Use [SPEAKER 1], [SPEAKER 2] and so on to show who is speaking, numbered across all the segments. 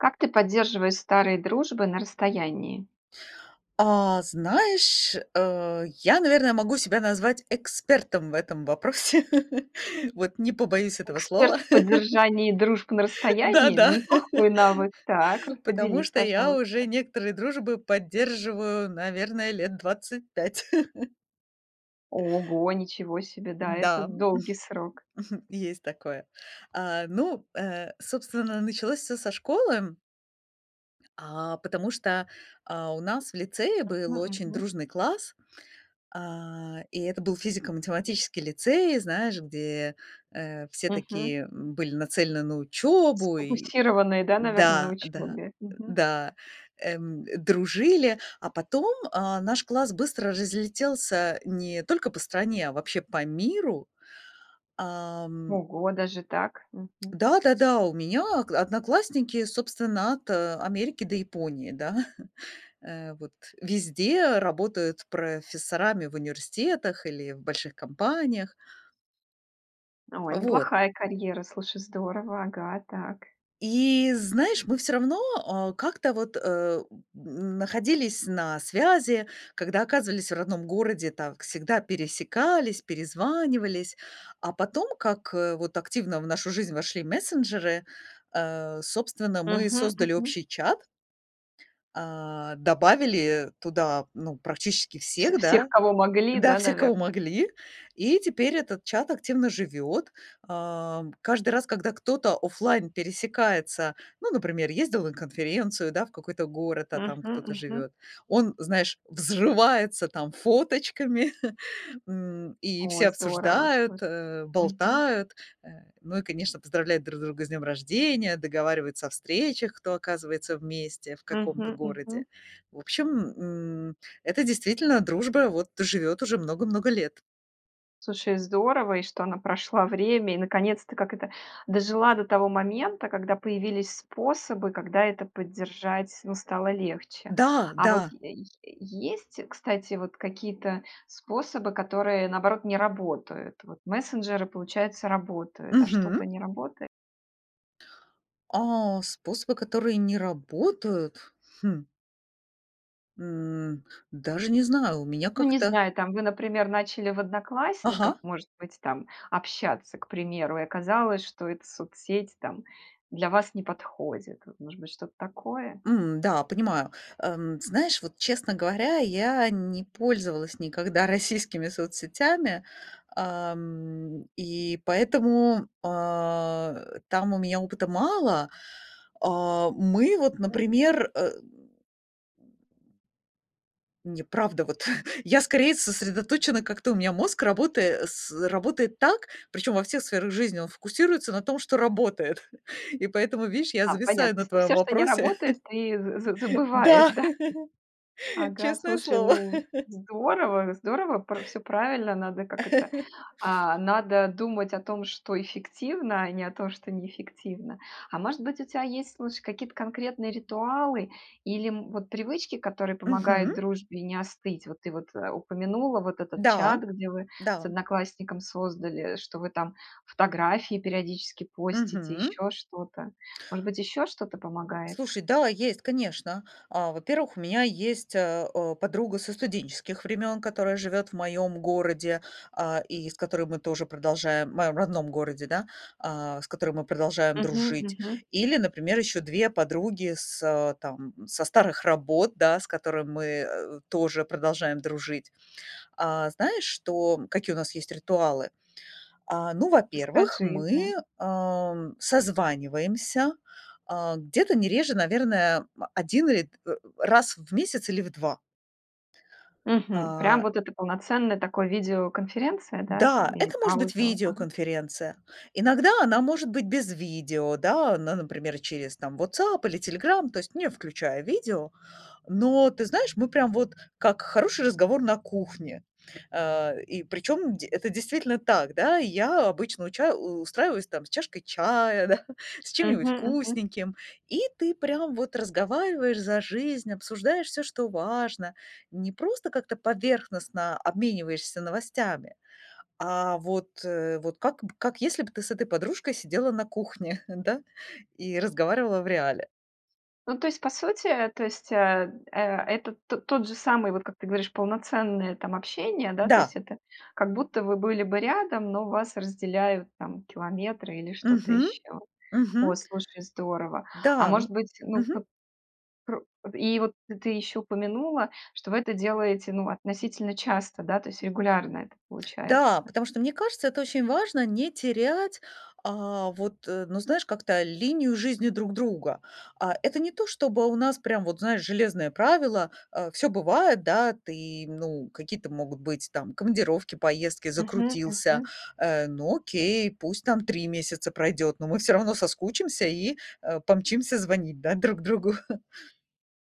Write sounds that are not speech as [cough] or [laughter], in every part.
[SPEAKER 1] Как ты поддерживаешь старые дружбы на расстоянии?
[SPEAKER 2] А, знаешь, э, я, наверное, могу себя назвать экспертом в этом вопросе, вот, не побоюсь этого
[SPEAKER 1] Эксперт
[SPEAKER 2] слова.
[SPEAKER 1] в
[SPEAKER 2] [chuckles]
[SPEAKER 1] поддержании дружб на
[SPEAKER 2] Да
[SPEAKER 1] расстоянии?
[SPEAKER 2] да.
[SPEAKER 1] Неплохой
[SPEAKER 2] [chuckles]
[SPEAKER 1] навык! Так, ра
[SPEAKER 2] Потому
[SPEAKER 1] поделись,
[SPEAKER 2] что я уже
[SPEAKER 1] пожалуйста.
[SPEAKER 2] некоторые дружбы поддерживаю, наверное, лет 25. [chuckles]
[SPEAKER 1] Ого, ничего себе! Да, это
[SPEAKER 2] Да, хм,
[SPEAKER 1] долгий срок!
[SPEAKER 2] хм, есть такое. Э, ну, э, собственно, началось всё со школы а, потому что, а, у нас в лицее был
[SPEAKER 1] Мгм,
[SPEAKER 2] очень
[SPEAKER 1] мгм.
[SPEAKER 2] дружный класс, а, и это был физико-математический лицей, знаешь, где, э, все
[SPEAKER 1] Мгм.
[SPEAKER 2] такие, м, были нацелены на учебу, и
[SPEAKER 1] Сфокусированные, да, наверно, на
[SPEAKER 2] да, да.
[SPEAKER 1] учебе. Мгм.
[SPEAKER 2] Да. Эм, дружили, а потом, э, наш класс быстро разлетелся не только по стране, а вообще по миру. Ам.
[SPEAKER 1] Ого, даже так! Мгм.
[SPEAKER 2] Да да да. У меня окла одноклассники, собственно, от Америки до Японии. Да? [chuckles] Э, вот, везде работают профессорами в университетах или в больших компаниях.
[SPEAKER 1] О,
[SPEAKER 2] Вот.
[SPEAKER 1] неплохая карьера! Слушай, здорово! Ага. Так.
[SPEAKER 2] И знаешь, мы все равно, а, как-то вот, эм, находились на связи, когда оказывались в родном городе, так всегда пересекались, перезванивались. А потом, как, э, вот активно в нашу жизнь вошли мессенджеры, э, собственно, мы
[SPEAKER 1] Мгм
[SPEAKER 2] создали
[SPEAKER 1] мгм.
[SPEAKER 2] общий чат э, добавили туда, ну, практически
[SPEAKER 1] Вс
[SPEAKER 2] всех,
[SPEAKER 1] всех,
[SPEAKER 2] да
[SPEAKER 1] кого могли,
[SPEAKER 2] да,
[SPEAKER 1] да,
[SPEAKER 2] всех, кого
[SPEAKER 1] наверно?
[SPEAKER 2] могли, и теперь этот чат активно живет. А, каждый раз, когда кто-то офлайн пересекается, ну, например, ездил на конференцию, да, в какой-то город, а там
[SPEAKER 1] Мгм
[SPEAKER 2] кто-то
[SPEAKER 1] мгм.
[SPEAKER 2] живет, он, знаешь, взрывается там фоточками, [chuckles] м, и все
[SPEAKER 1] О, здорово!
[SPEAKER 2] обсуждают,
[SPEAKER 1] Слушай.
[SPEAKER 2] э,
[SPEAKER 1] Мгм.
[SPEAKER 2] болтают. Э, ну и, конечно, поздравляют друг друга с днем рождения, договариваются о встречах, кто оказывается вместе в каком-то
[SPEAKER 1] Мгм мгм.
[SPEAKER 2] городе. В общем, м, это действительно дружба, вот, живет уже много-много лет.
[SPEAKER 1] Слушай, здорово, и что она прошла время и наконец-то, как это, дожила до того момента, когда появились способы, когда это поддержать, ну, стало легче.
[SPEAKER 2] Да
[SPEAKER 1] А вот
[SPEAKER 2] да!
[SPEAKER 1] е е есть, кстати, вот какие-то способы, которые, наоборот, не работают? Вот мессенджеры, получается, работают, а что-то
[SPEAKER 2] Мгм.
[SPEAKER 1] не работа
[SPEAKER 2] А, способы, которые не работают? Хм. М, даже не знаю, у меня
[SPEAKER 1] Ну, не
[SPEAKER 2] как-то
[SPEAKER 1] знаю там, вы, например, начали в "Одноклассниках",
[SPEAKER 2] Ага.
[SPEAKER 1] может быть там, общаться, к примеру, и оказалось, что эта соцсеть, там, для вас не подходит. Вот, может быть, что-то такое?
[SPEAKER 2] М, да, понимаю. Эм, знаешь, вот, честно говоря, я не пользовалась никогда российскими соцсетями, эм, и поэтому, а, там у меня опыта мало. А, мы вот,
[SPEAKER 1] М.
[SPEAKER 2] например, э Не, правда, вот. Я скорее сосредоточена как-то, у меня мозг, работая с работает так, причем во всех сферах жизни, он фокусируется на том, что работает. И поэтому, вишь, я
[SPEAKER 1] А, понятно,
[SPEAKER 2] зависаю
[SPEAKER 1] то
[SPEAKER 2] на
[SPEAKER 1] есть ты
[SPEAKER 2] твоем
[SPEAKER 1] всё, что не
[SPEAKER 2] вопросе.
[SPEAKER 1] работает, ты з з
[SPEAKER 2] [chuckles]
[SPEAKER 1] забываешь,
[SPEAKER 2] Да!
[SPEAKER 1] да? Ага,
[SPEAKER 2] Честное
[SPEAKER 1] слушай,
[SPEAKER 2] слово.
[SPEAKER 1] ну,
[SPEAKER 2] [chuckles]
[SPEAKER 1] здорово, здорово, пр всё правильно, надо, как это,
[SPEAKER 2] [chuckles]
[SPEAKER 1] а, надо думать о том, что эффективно, а не о том, что неэффективно. А может быть, у тя есть, слушай, какие-то конкретные ритуалы или, м, вот привычки, которые помогают
[SPEAKER 2] Мгм.
[SPEAKER 1] дружбе не остыть? Вот ты вот, э, упомянула вот этот
[SPEAKER 2] Да
[SPEAKER 1] чат, где вы с
[SPEAKER 2] да.
[SPEAKER 1] одноклассником создали, что вы там фотографии периодически постите,
[SPEAKER 2] Мгм.
[SPEAKER 1] ещё что-то. Может быть, ещё что-то помогает?
[SPEAKER 2] Слушай, да, есть, конечно. А, во-первых, у меня есть, а, э, подруга со студенческих времен, которая живет в моём городе, а, и с которой мы тоже продолжаем а, моем родном городе, да, а, с которой мы продолжаем
[SPEAKER 1] Мгм,
[SPEAKER 2] дружить.
[SPEAKER 1] мгм.
[SPEAKER 2] Или, например, ещё 2 подруги с там, со старых работ, да, с которыми мы тоже продолжаем дружить. А, знаешь, что, какие у нас есть ритуалы? А, ну, во-первых,
[SPEAKER 1] Расскажи, да.
[SPEAKER 2] мы, ам, созваниваемся, а, где-то не реже, наверное, м, 1 или, э, раз в месяц или в 2.
[SPEAKER 1] Мгм, прям
[SPEAKER 2] А.
[SPEAKER 1] вот эта полноценная такое видеоконференция, да, там,
[SPEAKER 2] Да,
[SPEAKER 1] или
[SPEAKER 2] это может быть
[SPEAKER 1] аудио? Ага.
[SPEAKER 2] видеоконференция. Иногда она может быть без видео, да, ну, например, через там WhatsApp или Telegram, то есть не включая видео. Но, ты знаешь, мы прям вот как хороший разговор на кухне. Э, и причем де это действительно так, да. Я обычно уча устраиваюсь, там, с чашкой чая, да, с
[SPEAKER 1] Мгм,
[SPEAKER 2] чем-нибудь
[SPEAKER 1] мгм.
[SPEAKER 2] вкусненьким. И ты прям вот разговариваешь за жизнь, обсуждаешь всё, что важно. Не просто как-то поверхностно обмениваешься новостями, а вот, э, вот как как если бы ты с этой подружкой сидела на кухне, да, и разговаривала в реале.
[SPEAKER 1] Ну, то есть по сути, то есть, э, э, это т тот же самый, вот как ты говоришь, полноценное, там, общение, да, то есть
[SPEAKER 2] Да.
[SPEAKER 1] это как будто вы были бы рядом, но вас разделяют, там, километры или что-то
[SPEAKER 2] Мгм,
[SPEAKER 1] ещё. О,
[SPEAKER 2] мгм.
[SPEAKER 1] слушай, здорово. А
[SPEAKER 2] Да,
[SPEAKER 1] может
[SPEAKER 2] мне
[SPEAKER 1] быть, ну
[SPEAKER 2] мгм.
[SPEAKER 1] вот пр и вот ты ещё упомянула, что вы это делаете, ну, относительно часто, да, то есть регулярно это
[SPEAKER 2] Да,
[SPEAKER 1] получается?
[SPEAKER 2] потому что мне кажется, это очень важно не терять, а, вот, э, ну знаешь, как-то, линию жизни друг друга. А, это не то чтобы у нас прям вот, знаешь, железное правило, а, всё бывает, да, ты, ну, какие-то могут быть там командировки, поездки,
[SPEAKER 1] Мгм,
[SPEAKER 2] закрутился,
[SPEAKER 1] мгм.
[SPEAKER 2] э, ну, окей, пусть там 3 месяца пройдёт, но мы всё равно соскучимся и, э, помчимся звонить, да, друг другу.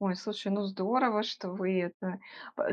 [SPEAKER 1] Ой, слушай, ну здорово, что вы это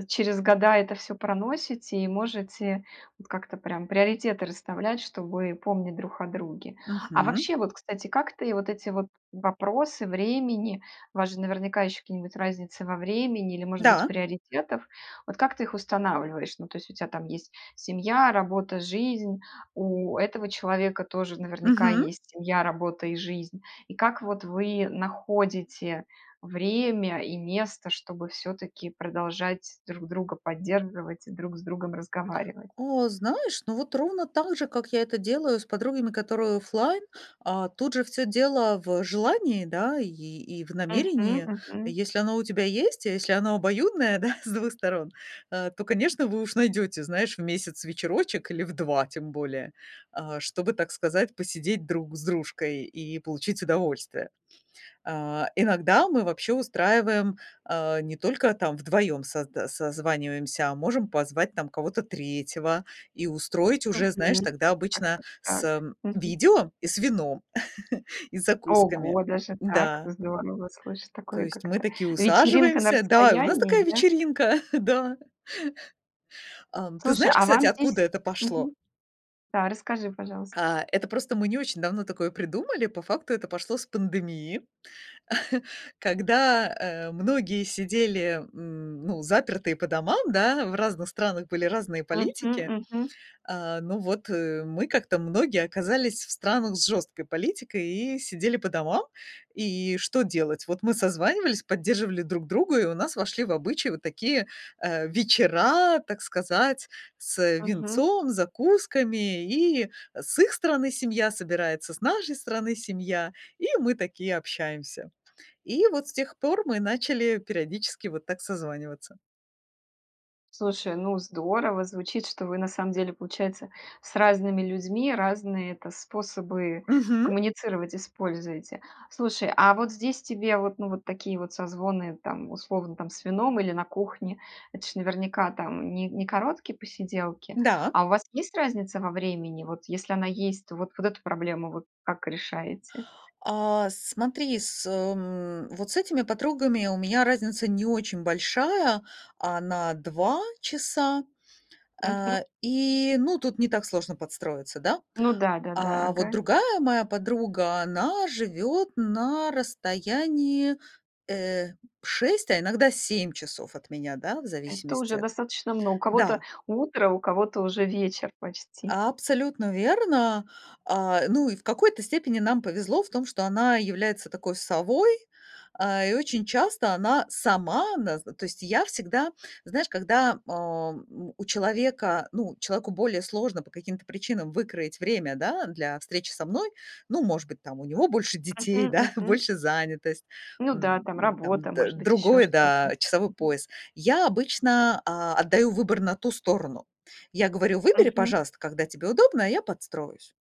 [SPEAKER 1] через года это всё проносите и можете вот как-то прям приоритеты расставлять, чтобы помнить друг о друге. А
[SPEAKER 2] Мгм.
[SPEAKER 1] вообще вот, кстати, как ты вот эти вот вопросы времени, у вас же наверняка ещё какие-нибудь разницы во времени или, может быть,
[SPEAKER 2] Да.
[SPEAKER 1] приоритетов, вот как ты их устанавливаешь? Ну, то есть у тя там есть семья, работа, жизнь, у этого человека тоже наверняка
[SPEAKER 2] Мгм.
[SPEAKER 1] есть семья, работа и жизнь. И как вот вы находите время и место, чтобы всё-таки продолжать друг друга поддерживать и друг с другом разговаривать?
[SPEAKER 2] О, знаешь, ну, вот ровно так же, как я это делаю с подругами, которые оффлайн. А, тут же всё дело в желании, да, и и в
[SPEAKER 1] Мгм,
[SPEAKER 2] намерении.
[SPEAKER 1] мгм.
[SPEAKER 2] Если оно у тебя есть, и если оно обоюдное, да, с 2 сторон, а, то, конечно, вы уж найдёте, знаешь, в месяц вечерочек или в 2 тем более, а, чтобы, так сказать, посидеть друг с дружкой и получить удовольствие. А, иногда мы вообще устраиваем, а, не только там вдвоём созда созваниваемся, а можем позвать там кого-то третьего и устроить уже, знаешь,
[SPEAKER 1] Мгм.
[SPEAKER 2] тогда
[SPEAKER 1] Так
[SPEAKER 2] обычно
[SPEAKER 1] так так,
[SPEAKER 2] с
[SPEAKER 1] мгм.
[SPEAKER 2] видео и с вином, [chuckles] и закусками.
[SPEAKER 1] Ого, даже так,
[SPEAKER 2] Да.
[SPEAKER 1] здорово слышать
[SPEAKER 2] То
[SPEAKER 1] такое,
[SPEAKER 2] есть
[SPEAKER 1] как
[SPEAKER 2] мы
[SPEAKER 1] это,
[SPEAKER 2] такие
[SPEAKER 1] вечеринка на
[SPEAKER 2] усаживаемся, да, и у нас
[SPEAKER 1] расстоянии,
[SPEAKER 2] такая
[SPEAKER 1] да?
[SPEAKER 2] вечеринка, [chuckles] да. Ам, ты
[SPEAKER 1] Слушай,
[SPEAKER 2] знаешь,
[SPEAKER 1] а
[SPEAKER 2] кстати,
[SPEAKER 1] вам
[SPEAKER 2] откуда
[SPEAKER 1] здесь
[SPEAKER 2] это пошло?
[SPEAKER 1] мгм. Да, расскажи, пожалуйста.
[SPEAKER 2] А, это просто мы не очень давно такое придумали. По факту это пошло с пандемии, [chuckles] когда, э, многие сидели, м, ну, запертые по домам, да, в разных странах были разные
[SPEAKER 1] Мгм,
[SPEAKER 2] политики.
[SPEAKER 1] мгм.
[SPEAKER 2] А, ну вот, э, мы как-то многие оказались в странах с жёсткой политикой и сидели по домам. И что делать? Вот мы созванивались, поддерживали друг друга, и у нас вошли в обычай вот такие, э, вечера, так сказать, с
[SPEAKER 1] Мгм.
[SPEAKER 2] винцом, закусками. И с их стороны семья собирается, с нашей стороны семья, и мы такие общаемся. И вот с тех пор мы начали периодически вот так созваниваться.
[SPEAKER 1] Слушай, ну здорово! Звучит, что вы на самом деле, получается, с разными людьми разные это способы
[SPEAKER 2] Мгм.
[SPEAKER 1] коммуницировать используете. Слушай, а вот здесь тебе, вот ну вот такие вот созвоны там, условно, там с вином или на кухне- это ж наверняка там не не короткие посиделки.
[SPEAKER 2] Да.
[SPEAKER 1] А у вас есть разница во времени? Вот если она есть, то вот эту проблему вот вы как решаете?
[SPEAKER 2] А, смотри, с эм, вот с этими подругами у меня разница не очень большая, она 2 часа.
[SPEAKER 1] Мгм.
[SPEAKER 2] А, и ну тут не так сложно подстроиться, да?
[SPEAKER 1] Ну да-да-да.
[SPEAKER 2] А вот
[SPEAKER 1] Ага.
[SPEAKER 2] другая моя подруга, она живёт на расстоянии э, 6, а иногда 7 часов от меня, да, в
[SPEAKER 1] Это
[SPEAKER 2] зависимости
[SPEAKER 1] уже
[SPEAKER 2] от
[SPEAKER 1] достаточно мно у кого-то
[SPEAKER 2] Да.
[SPEAKER 1] утро, у кого-то уже вечер почти.
[SPEAKER 2] Абсолютно верно. А, ну, и в какой-то степени нам повезло в том, что она является такой совой, а, и очень часто она сама нас. То есть я всегда, знаешь, когда, ам, у у человека, ну человеку более сложно по каким-то причинам выкроить время, да, для встречи со мной. Ну, может быть там, у него больше
[SPEAKER 1] Мгм.
[SPEAKER 2] детей, да,
[SPEAKER 1] Мгм.
[SPEAKER 2] больше занятость,
[SPEAKER 1] Ну да, там
[SPEAKER 2] м, там
[SPEAKER 1] работа,
[SPEAKER 2] д
[SPEAKER 1] может быть ещё
[SPEAKER 2] другое,
[SPEAKER 1] что-то.
[SPEAKER 2] да, часовой
[SPEAKER 1] Мгм.
[SPEAKER 2] пояс. Я обычно, а, отдаю выбор на ту сторону. Я говорю: "Выбери,
[SPEAKER 1] Мгм.
[SPEAKER 2] пожалуйста, когда тебе удобно, а я подстроюсь".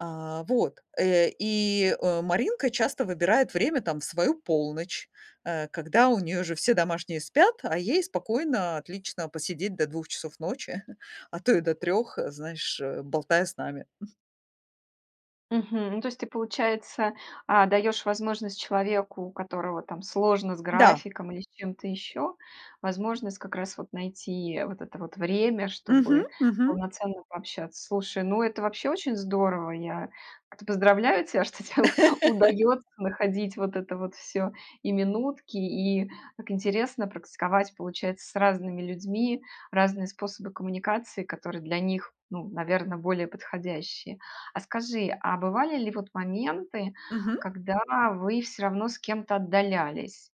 [SPEAKER 2] А, вот. Э, и, э, Маринка часто выбирает время там в свою полночь, э, когда у неё уже все домашние спят, а ей спокойно, отлично посидеть до 2 часов ночи, [chuckles] а то и до 3, знаешь, э, болтая с нами. [chuckles]
[SPEAKER 1] Мгм. Ну, то есть ты, получается, а, даешь возможность человеку, у которого там сложно с
[SPEAKER 2] Да.
[SPEAKER 1] графиком или с чем-то еще, возможность как раз вот найти вот это вот время,
[SPEAKER 2] Мгм
[SPEAKER 1] чтобы
[SPEAKER 2] мгм.
[SPEAKER 1] полноценно пообщаться. Слушай, ну это вообще очень здорово! Я кт поздравляю тебя, что те
[SPEAKER 2] [chuckles]
[SPEAKER 1] удается находить вот это вот всё, и минутки, и так интересно практиковать, получается, с разными людьми разные способы коммуникации, которые для них, ну, наверно, более подходящие. А скажи, а бывали ли вот моменты,
[SPEAKER 2] Мгм.
[SPEAKER 1] когда вы всё равно с кем-то отдалялись?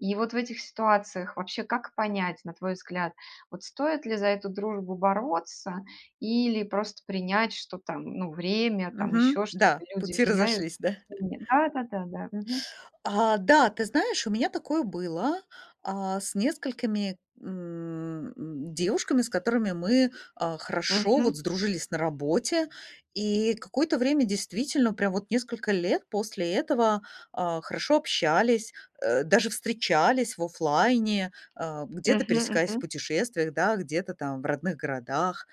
[SPEAKER 1] И вот в этих ситуациях вообще как понять, на твой взгляд, вот стоит ли за эту дружбу бороться или просто принять, что там, ну, время, там
[SPEAKER 2] Мгм,
[SPEAKER 1] еще что-то,
[SPEAKER 2] да,
[SPEAKER 1] люди
[SPEAKER 2] пути разошлись,
[SPEAKER 1] меняются,
[SPEAKER 2] да. [chuckles]
[SPEAKER 1] всеми Да да да да. Мгм.
[SPEAKER 2] А, да, ты знаешь, у меня такое было, а, с несколькими, м, девушками, с которыми мы, а, хорошо
[SPEAKER 1] Мгм.
[SPEAKER 2] вот сдружились на работе. И какое-то время действительно прям вот несколько лет после этого, а, хорошо общались, э, даже встречались в оффлайне, а, где-то
[SPEAKER 1] Мгм
[SPEAKER 2] пересекаясь в
[SPEAKER 1] мгм.
[SPEAKER 2] путешествиях, да, где-то там в родных городах.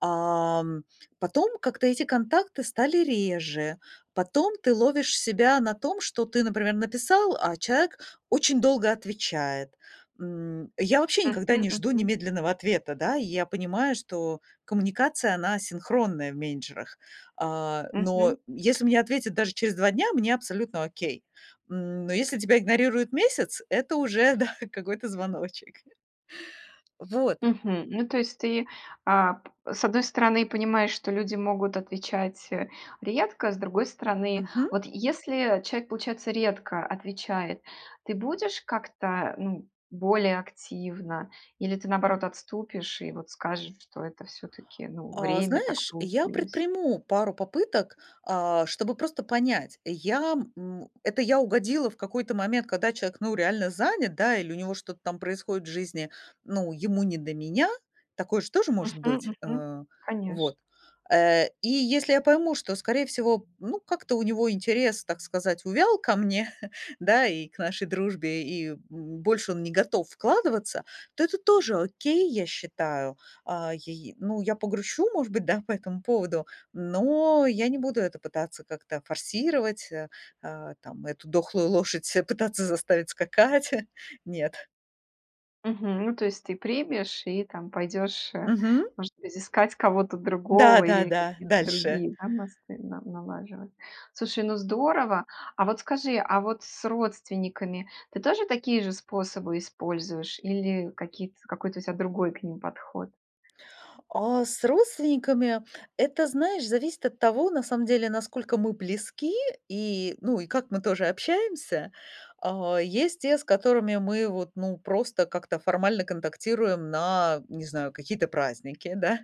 [SPEAKER 2] Ам. Потом как-то эти контакты стали реже. Потом ты ловишь себя на том, что ты, например, написал, а человек очень долго отвечает. М, я вообще никогда
[SPEAKER 1] Мгм
[SPEAKER 2] не жду
[SPEAKER 1] мгм.
[SPEAKER 2] немедленного ответа, да. Я понимаю, что коммуникация- она асинхронная в менеджерах. А, но
[SPEAKER 1] Мгм.
[SPEAKER 2] если мне ответят даже через 2 дня, мне абсолютно окей. М, но если тебя игнорируют месяц, это уже, да, какой-то звоночек. Вот.
[SPEAKER 1] Мгм. Ну, то есть ты, а, п с одной стороны понимаешь, что люди могут отвечать, э, редко, с другой стороны,
[SPEAKER 2] Мгм.
[SPEAKER 1] вот если человек, получается, редко отвечает, ты будешь как-то, ну, более активна? Или ты, наоборот, отступишь и вот скажешь, что это всё-таки, ну,
[SPEAKER 2] А
[SPEAKER 1] время, так
[SPEAKER 2] знаешь, я
[SPEAKER 1] получилось?
[SPEAKER 2] предприму пару попыток, а, чтобы просто понять: я, м это я угодила в какой-то момент, когда человек, ну, реально занят, да, или у него что-то там происходит в жизни, ну, ему не до меня. Такое же тоже может
[SPEAKER 1] Мгм
[SPEAKER 2] быть.
[SPEAKER 1] мгм.
[SPEAKER 2] А.
[SPEAKER 1] Конечно.
[SPEAKER 2] Вот. Э, и если я пойму, что, скорее всего, ну, как-то у него интерес, так сказать, увял ко мне, [chuckles] да, и к нашей дружбе, и, м, больше он не готов вкладываться, то это тоже окей, я считаю. А, яй Ну, я погрущу, может быть, да, по этому поводу, но я не буду это пытаться как-то форсировать, э, а, там эту дохлую лошадь пытаться заставить скакать. Нет.
[SPEAKER 1] Мгм, ну, то есть ты примешь и там пойдешь, э,
[SPEAKER 2] Мгм.
[SPEAKER 1] может быть, искать кого-то
[SPEAKER 2] Да
[SPEAKER 1] другого
[SPEAKER 2] да
[SPEAKER 1] или
[SPEAKER 2] да,
[SPEAKER 1] какие-то
[SPEAKER 2] дальше.
[SPEAKER 1] другие, да, мосты на налаживать. Слушай, ну здорово! А вот скажи, а вот с родственниками ты тоже такие же способы используешь или какие-то какой-то у тебя другой к ним подход?
[SPEAKER 2] А, с родственниками- это, знаешь, зависит от того, на самом деле, насколько мы близки и, ну, и как мы тоже общаемся. А, есть те, с которыми мы вот, ну, просто как-то формально контактируем на, не знаю, какие-то праздники, да.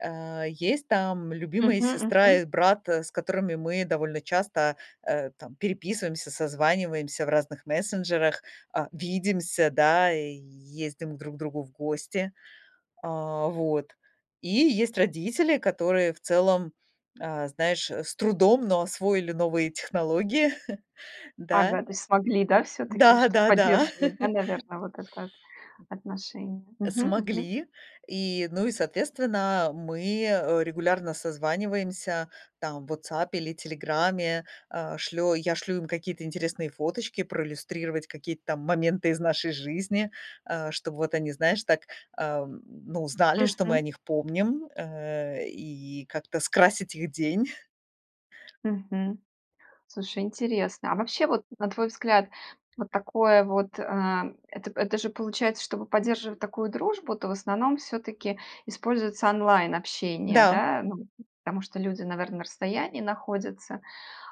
[SPEAKER 2] Э, есть там любимые
[SPEAKER 1] Мгм,
[SPEAKER 2] сестра
[SPEAKER 1] мгм.
[SPEAKER 2] и брат, с которыми мы довольно часто, э, там, переписываемся, созваниваемся в разных мессенджерах, а, видимся, да, и ездим друг к другу в гости. А, вот. И есть родители, которые в целом, а, знаешь, с трудом, но освоили новые технологии. [chuckles] Да.
[SPEAKER 1] Ага, то есть смогли, да, всё-таки, чтобы
[SPEAKER 2] Да-да-да.
[SPEAKER 1] поддерживать, да,
[SPEAKER 2] [chuckles]
[SPEAKER 1] наверное, вот это вот отношение? Мгм, мгм.
[SPEAKER 2] Смогли и, ну, и соответственно мы, э, регулярно созваниваемся там в "Ватсапе" или "Телеграме". Э, шлё я шлю им какие-то интересные фоточки проиллюстрировать какие-то там моменты из нашей жизни, а, чтобы вот они, знаешь, так, э, ну знали, что мы о
[SPEAKER 1] Мгм.
[SPEAKER 2] них помним, э, и как-то скрасить их день. [chuckles]
[SPEAKER 1] Мгм. Слушай, интересно. А вообще вот, на твой взгляд, вот такое вот э, эт это же получается, чтобы поддерживать такую дружбу, то в основном всё-таки используется онлайн-общение,
[SPEAKER 2] Да.
[SPEAKER 1] да? Ну, вот, потому что люди, наверное, на расстоянии находятся.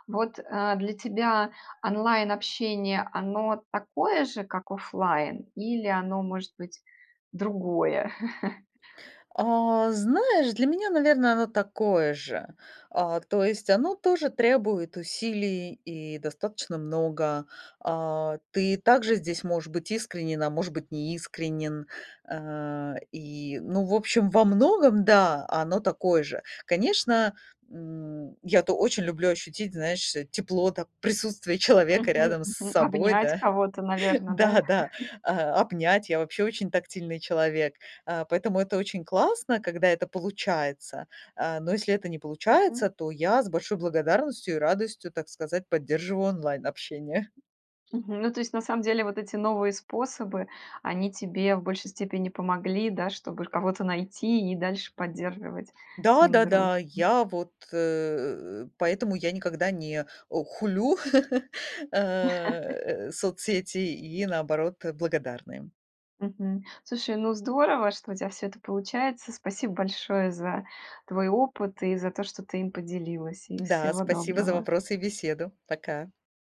[SPEAKER 1] Вот, э, для тебя онлайн-общение, оно такое же, как оффлайн, или оно, может быть, другое? [chuckles]
[SPEAKER 2] А, знаешь, для меня, наверно, оно такое же. А, то есть оно тоже требует усилий и достаточно много. А, ты также здесь можешь быть искренен, а может быть неискренен. Э, и, ну, в общем, во многом, да, оно такое же. Конечно, м, я-то очень люблю ощутить, знаешь, тепло, так, присутствие человека рядом с
[SPEAKER 1] Мгм-мгм.
[SPEAKER 2] собой,
[SPEAKER 1] Обнять
[SPEAKER 2] да.
[SPEAKER 1] кого-то, наверно, да?
[SPEAKER 2] Да-да,
[SPEAKER 1] [chuckles]
[SPEAKER 2] а, обнять. Я вообще очень тактильный человек, а, поэтому это очень классно, когда это получается, а, но если это не получается,
[SPEAKER 1] Мгм.
[SPEAKER 2] то я с большой благодарностью и радостью, так сказать, поддерживаю онлайн-общение. [chuckles]
[SPEAKER 1] Мгм. Ну, то есть на самом деле вот эти новые способы, они тебе в большей степени помогли, да, чтобы ш кого-то найти и дальше поддерживать с
[SPEAKER 2] Да
[SPEAKER 1] ним
[SPEAKER 2] да
[SPEAKER 1] дружбу.
[SPEAKER 2] да. Я вот, э, поэтому я никогда не, э, хулю, [chuckles]
[SPEAKER 1] [chuckles]
[SPEAKER 2] э, соцсети и, наоборот, благодарна им.
[SPEAKER 1] Мгм. Слушай, ну, здорово, что у тебя всё это получается. Спасибо большое за твой опыт и за то, что ты им поделилась. И
[SPEAKER 2] Да,
[SPEAKER 1] всего
[SPEAKER 2] спасибо за
[SPEAKER 1] доброго!
[SPEAKER 2] вопросы и беседу. Пока.